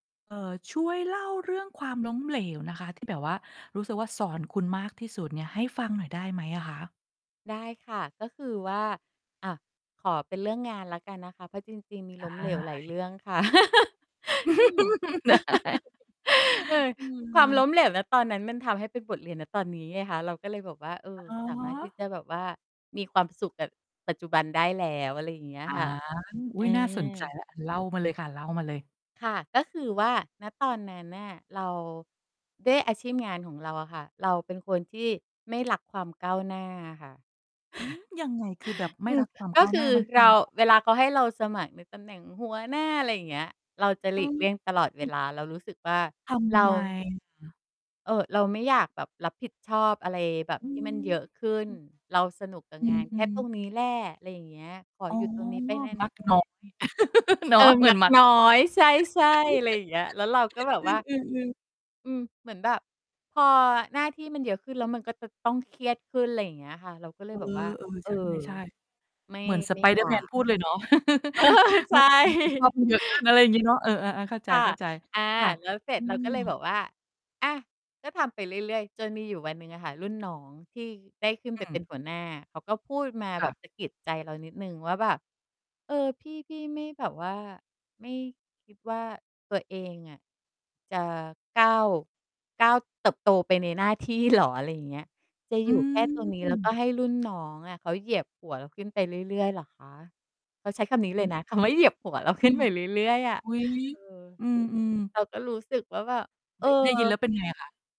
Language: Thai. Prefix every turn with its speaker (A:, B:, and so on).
A: เอ่อ ช่วยเล่าเรื่องความล้มเหลวนะคะ ที่แบบว่า รู้สึกว่าสอนคุณมากที่สุดเนี่ยให้ฟังหน่อยได้ไหมอะคะ?
B: ได้ค่ะ ก็คือว่า อะ ขอเป็นเรื่องงานแล้วกันนะคะ เพราะจริง ๆ มี
A: ได
B: ล้มเหลวหลายเ
A: ้
B: รื่องค่ะ อืม
A: ได้
B: เออ
A: เอ
B: ความ
A: อ
B: ล้มเหลว ณ ตอนนั้นมันทำให้เป็นบทเรียน ณ ตอนนี้ไงคะ เราก็เลยแบบว่า เออ
A: อ๋
B: สามารถที่
A: อ
B: จะแบบว่า มีความสุขกับปัจจุบันได้แล้ว อะไรอย่างเงี้ย
A: อา
B: ค่ะ
A: อ
B: เ
A: ุ
B: อ
A: ๊ย น่าสนใจ
B: อ
A: แล้ว เล่ามาเลยค่ะ เล่ามาเลย
B: ค่ะ ก็คือว่า ณ ตอนนั้นน่ะเรา ด้วยอาชีพงานของเราอะค่ะ เราเป็นคนที่ไม่รักความก้าวหน้าอะค่ะ
A: อืม ยังไง คือแบบไม
B: อ
A: ่
B: ื
A: ร
B: ม
A: ักความ
B: ก
A: ก
B: ็
A: ้าว
B: ค
A: ห
B: ื
A: น
B: อ
A: ้ามัน ค
B: เ
A: ื
B: ร
A: อ
B: า
A: ไงอะค
B: เว
A: ะ?
B: ลาเขาให้เราสมัครในตำแหน่งหัวหน้า อะไรอย่างเงี้ย เราจะห
A: เ
B: ล
A: อ
B: ี
A: อ
B: กเลี่ยงตลอด
A: อ
B: เว
A: ืม
B: ลา เรารู้สึกว่า
A: ท
B: เร
A: ำ
B: า
A: ไม เหรอ?
B: เอ่อ...เราไม่อยากแบบรับผิดชอบอะไรแบบ
A: อื
B: ที่มัน
A: ม
B: เยอะขึ้น เราสนุกกับ
A: อื
B: งา
A: อ
B: นแ
A: อ
B: ค
A: ื
B: ่
A: ม
B: ตร
A: ๆ
B: งนี้แหละ อะไรอย่างเงี้ย ขอ
A: อ๋อ
B: อยู่ ตรงนี้ไปนา
A: มักน้อ
B: น
A: ย เน
B: ๆ เ
A: า
B: อ
A: ะ
B: อ
A: เหมื
B: มั
A: อน
B: ก
A: มัก
B: น้อ
A: น้อย
B: ย ใช่ ๆ อะไรอย่างเงี้ย แล้วเราก็แบบว่า
A: อือ ๆ ๆ
B: อืม เหมือนแบบพอหน้าที่มันเยอะขึ้น แล้วมันก็จะต้องเครียดขึ้น อะไรอย่างเงี้ยค่ะ เราก็เล
A: เอ
B: ยแบบว่า
A: อ
B: เ
A: ๆ
B: อ
A: ใ
B: อ
A: ช่
B: ไม่
A: ๆ เหมือน
B: ไม่อยา
A: Spider-Man
B: ก
A: พูดเลยเนาะ
B: เออ ใช
A: เมื่อความรับผิดชอบ
B: ่
A: มันเยอะขึ้น อะไรอย่างงี้เนาะ เออ ๆ อา เข้าใจ
B: ค่ะ อา
A: ๆ ค่ะ
B: แล้วเสร็
A: อื
B: จเราก็เลยแ
A: ม
B: บบว่า อะ ก็ทำไปเรื่อย ๆ จนมีอยู่วันหนึ่งอะค่ะ รุ่นน้องที่ได้ขึ้น
A: อ
B: ไ
A: ื
B: ปเป็
A: ม
B: นหัวหน้า เขาก็พูดมา
A: ค
B: แบ
A: ่ะ
B: บสะกิดใจเรานิดหนึ่งว่าแบบ เออ พี่ พี่ไม่แบบว่า ไม่ คิด ว่าตัวเองอะ จะก้าว ก้าวเติบโตไปในหน้า ที่เหรอ? อะไรอย่างเงี้ย จะ
A: อ
B: อย
A: ื
B: ู่แค่ตรงนี้ แล้วก็
A: ม
B: ให้รุ่นน้องอะเขาเหยียบหัวเราขึ้นไปเรื่อย ๆ เหรอคะ? เขาใช้คำนี้
A: อื
B: เลย
A: ม
B: นะ คำว่าเหยียบหัวเราขึ้นไปเรื่อย ๆ อะ
A: อุ๊ย!
B: เออ
A: อืม ๆ
B: เราก็รู้สึกว่าแบบ เอ
A: ได
B: อ
A: ้ ได้ยินแล้วเป็นไงอะคะ?